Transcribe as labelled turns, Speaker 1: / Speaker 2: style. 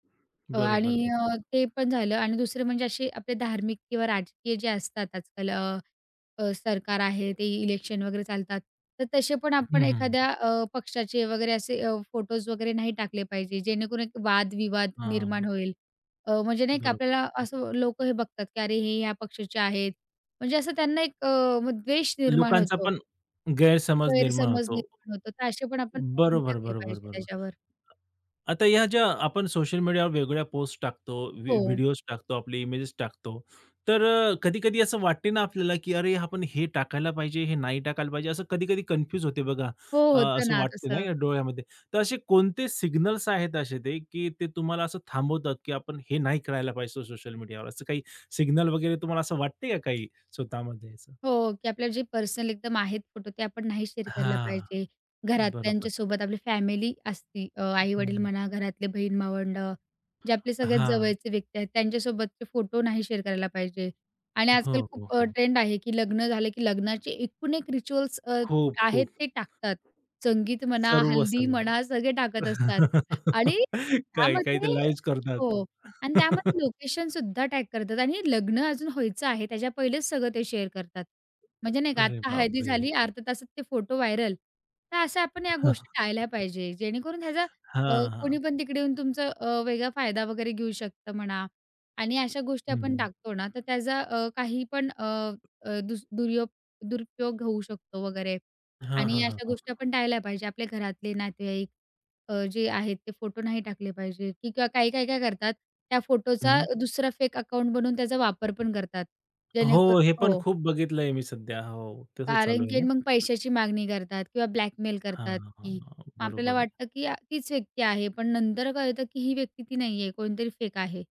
Speaker 1: अ, आणि
Speaker 2: बरोबर,
Speaker 1: अ,
Speaker 2: बरोबर.
Speaker 1: ते पण झालं आणि दुसरे म्हणजे असे आपले धार्मिक किंवा राजकीय जे असतात आजकाल अ, अ, सरकार आहे, ते इलेक्शन वगैरे चालतात, तर तसे पण
Speaker 2: हं,
Speaker 1: आपण
Speaker 2: हं, हं.
Speaker 1: एखाद्या अ, पक्षाचे वगैरे असे अ, फोटोज वगैरे नाही टाकले पाहिजे, जेणेकरून एक वादविवाद निर्माण
Speaker 2: हां.
Speaker 1: होईल. अ, म्हणजे नाही का
Speaker 2: बरोबर,
Speaker 1: आपल्याला असं
Speaker 2: बरोबर.
Speaker 1: लोक हे बघतात, की "अरे, हे या पक्षाचे आहेत," म्हणजे असं त्यांना एक अ, म्ह द्वेष निर्माण
Speaker 2: लोकांचा
Speaker 1: होतो.
Speaker 2: पण गैरसमज निर्माण
Speaker 1: गैरसमज
Speaker 2: होतो.
Speaker 1: निर्माण होतो. तर असे पण आपण नाही
Speaker 2: बरोबर,
Speaker 1: टाकले
Speaker 2: बरोबर,
Speaker 1: पाहिजे
Speaker 2: बरोबर.
Speaker 1: त्याच्यावर.
Speaker 2: आता ह्या ज्या आपण सोशल मीडियावर वेगवेगळ्या पोस्ट टाकतो, व्ही
Speaker 1: हो.
Speaker 2: व्हिडिओज टाकतो, आपले इमेजेस टाकतो, तर अ, कधी-कधी असं वाटतं ना आपल्याला, की "अरे आपण हे टाकायला पाहिजे, हे नाही टाकायला पाहिजे," असं कधी-कधी कन्फ्यूज होते बघा.
Speaker 1: हो,
Speaker 2: अ,
Speaker 1: होतं
Speaker 2: असं
Speaker 1: ना
Speaker 2: वाटतं ना
Speaker 1: तसं.
Speaker 2: या डोळ्यामध्ये. तर असे कोणते सिग्नल्स आहेत असे ते, की ते तुम्हाला असं थांबवतात, की आपण हे नाही करायला पाहिजे सो सोशल मीडियावर, असं काही सिग्नल वगैरे तुम्हाला असं वाटतं का काही स्वतःमध्ये असं?
Speaker 1: हो, की आपल्या जे पर्सनल एकदम आहेत फोटो ते आपण नाही शेअर करायला
Speaker 2: हां,
Speaker 1: पाहिजे.
Speaker 2: बरोबर.
Speaker 1: घरातल्यांच्यासोबत, आपली फॅमिली असती अ,
Speaker 2: हं,
Speaker 1: आई-वडील
Speaker 2: हं.
Speaker 1: म्हणा, घरातले बहीण-भावंडं, जे आपले सगळ्यात
Speaker 2: हां.
Speaker 1: जवळचे व्यक्ती आहेत, त्यांच्यासोबतचे फोटो नाही शेअर करायला पाहिजे आणि
Speaker 2: हो,
Speaker 1: आजकाल
Speaker 2: हो,
Speaker 1: खूप अ,
Speaker 2: हो.
Speaker 1: ट्रेंड आहे, की लग्न झालं, की लग्नाचे एकूण एक रिच्युअल्स अ,
Speaker 2: खूप,
Speaker 1: आहेत
Speaker 2: खूप.
Speaker 1: ते टाकतात. संगीत म्हणा,
Speaker 2: सर्व,
Speaker 1: हल्दी
Speaker 2: सर्व.
Speaker 1: म्हणा, सगळे टाकत असतात आणि
Speaker 2: काही-काही
Speaker 1: त्यामध्ये
Speaker 2: तर लाईव्हच
Speaker 1: हो
Speaker 2: करतात.
Speaker 1: आणि त्यामध्ये लोकेशन सुद्धा टॅग करतात. आणि हे लग्न अजून व्हायचं आहे. त्याच्या पहिलेच सगळं ते शेअर करतात. म्हणजे नाही का
Speaker 2: अरे
Speaker 1: आत्ता हळदी
Speaker 2: बापरे!
Speaker 1: झाली, अर्ध्या तासात ते फोटो व्हायरल. तर अशा आपण या
Speaker 2: हां.
Speaker 1: गोष्टी टाळल्या पाहिजे, जेणेकरून ह्याचा अ,
Speaker 2: हां,
Speaker 1: कोणी
Speaker 2: हां.
Speaker 1: पण तिकडे येऊन तुमचं अ, वेगळा फायदा वगैरे घेऊ शकतं म्हणा आणि अशा गोष्टी आपण
Speaker 2: हं.
Speaker 1: टाकतो ना, तर त्याचा अ, काही पण अ, अ, दुस दुर्यो दुरुपयोग होऊ शकतो वगैरे.
Speaker 2: हां,
Speaker 1: आणि
Speaker 2: हां, हां,
Speaker 1: अशा
Speaker 2: हां,
Speaker 1: गोष्टी
Speaker 2: हां.
Speaker 1: आपण टाळल्या पाहिजे. आपल्या घरातले, नातेवाईक अ, जे आहेत, ते फोटो नाही टाकले पाहिजे, की किंवा काही-काही काय करतात, त्या फोटोचा
Speaker 2: हं.
Speaker 1: दुसरा फेक अकाउंट बनवून त्याचा वापर पण करतात. जेणेकरून
Speaker 2: हो, हे पण
Speaker 1: हो.
Speaker 2: खूप बघितलंय मी सध्या. हो, तसं चालू
Speaker 1: कारण
Speaker 2: आहे
Speaker 1: की
Speaker 2: ना.
Speaker 1: अन् मग पैशाची मागणी करतात किंवा ब्लॅकमेल
Speaker 2: हां,
Speaker 1: करतात,
Speaker 2: हां, हां,
Speaker 1: की
Speaker 2: हां,
Speaker 1: आपल्याला
Speaker 2: बरोबर आहे.
Speaker 1: वाटतं की आ तीच व्यक्ती आहे, पण नंतर कळतं की ही व्यक्ती ती नाहीये. कोणीतरी फेक आहे.